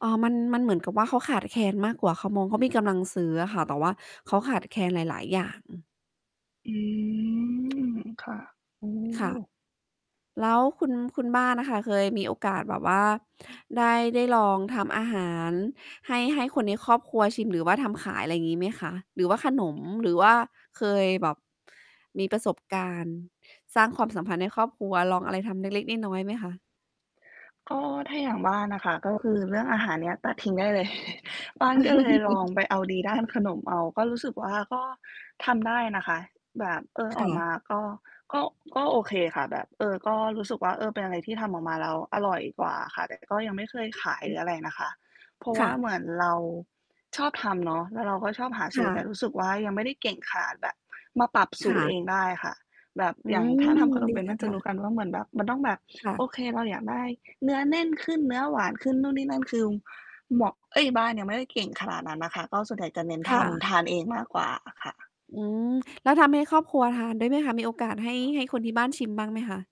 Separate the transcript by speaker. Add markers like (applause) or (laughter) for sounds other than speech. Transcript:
Speaker 1: อ๋อ มัน มันเหมือนกับว่า เขาขาดแคลนมากกว่า เขามอง เขามีกำลังซื้ออะค่ะ แต่ว่าเขาขาดแคลนหลาย ๆ อย่าง
Speaker 2: อืม ค่ะ โอ้
Speaker 1: ค่ะ แล้วคุณ คุณบ้านน่ะค่ะ เคยมีโอกาสแบบว่าได้ ได้ลองทำอาหารให้ ให้คนในครอบครัวชิมหรือว่าทำขาย ไรงี้ไหมคะ? หรือว่าขนม หรือว่าเคยแบบมีประสบการณ์สร้างความสัมพันธ์ในครอบครัว ลองอะไรทำเล็ก ๆ น้อย ๆ ไหมคะ?
Speaker 2: ก็ ถ้าอย่างบ้านน่ะค่ะ ก็คือเรื่องอาหารเนี้ยตัดทิ้งได้เลย (chuckles) บ้านก็เลยลอง
Speaker 1: (chuckles)
Speaker 2: ไปเอาดีด้านขนมเอา ก็รู้สึกว่า ก็ทำได้นะคะ แบบ เออ
Speaker 1: ค
Speaker 2: อ
Speaker 1: ่
Speaker 2: อกม
Speaker 1: ะ
Speaker 2: าก็ ก็ ก็โอเคค่ะ แบบ เออ ก็รู้สึกว่า เออ เป็นอะไรที่ทำออกมาแล้วอร่อยกว่าค่ะ แต่ก็ยังไม่เคย
Speaker 1: อือ
Speaker 2: ขาย
Speaker 1: ฮ
Speaker 2: หรื
Speaker 1: ึ
Speaker 2: ออะไรนะคะ เพราะว
Speaker 1: ค
Speaker 2: ่
Speaker 1: ่ะ
Speaker 2: าเหมือนเราชอบทำเนาะ แล้วเราก็ชอบหา
Speaker 1: ค
Speaker 2: สู
Speaker 1: ่
Speaker 2: ตร แต่
Speaker 1: ะ
Speaker 2: รู้สึกว่า ยังไม่ได้เก่งขนาดแบบมาปรับส
Speaker 1: ค
Speaker 2: ู
Speaker 1: ่
Speaker 2: ตรเอ
Speaker 1: ะ
Speaker 2: งได้ค่ะ แบบ
Speaker 1: อื
Speaker 2: อย่าง ถ้าท
Speaker 1: ม
Speaker 2: ำขนม
Speaker 1: ดี
Speaker 2: เป็น
Speaker 1: จ
Speaker 2: น
Speaker 1: ั
Speaker 2: ่
Speaker 1: ง
Speaker 2: าจ
Speaker 1: ค
Speaker 2: ะ
Speaker 1: ่
Speaker 2: ร
Speaker 1: ะ
Speaker 2: ู้กันว่า เหมือนแบบมันต้องแบบ
Speaker 1: ค่ะ
Speaker 2: โอเค เราอยากได้เนื้อแน่นขึ้น เนื้อหวานขึ้น นู่นนี่นั่น คือหมวก เอ๊ย บ้านยังไม่ได้เก่งขนาดนั้นน่ะค่ะ ก็ส่วนใหญ่จะเน้น
Speaker 1: ค
Speaker 2: ท
Speaker 1: ่
Speaker 2: ำ
Speaker 1: ะ
Speaker 2: ทานเองมากกว่าอะค่ะ
Speaker 1: อืม แล้วทำให้ครอบครัวทานด้วยไหมคะ? มีโอกาสให้ ให้คนที่บ้านชิมบ้างไหมคะ?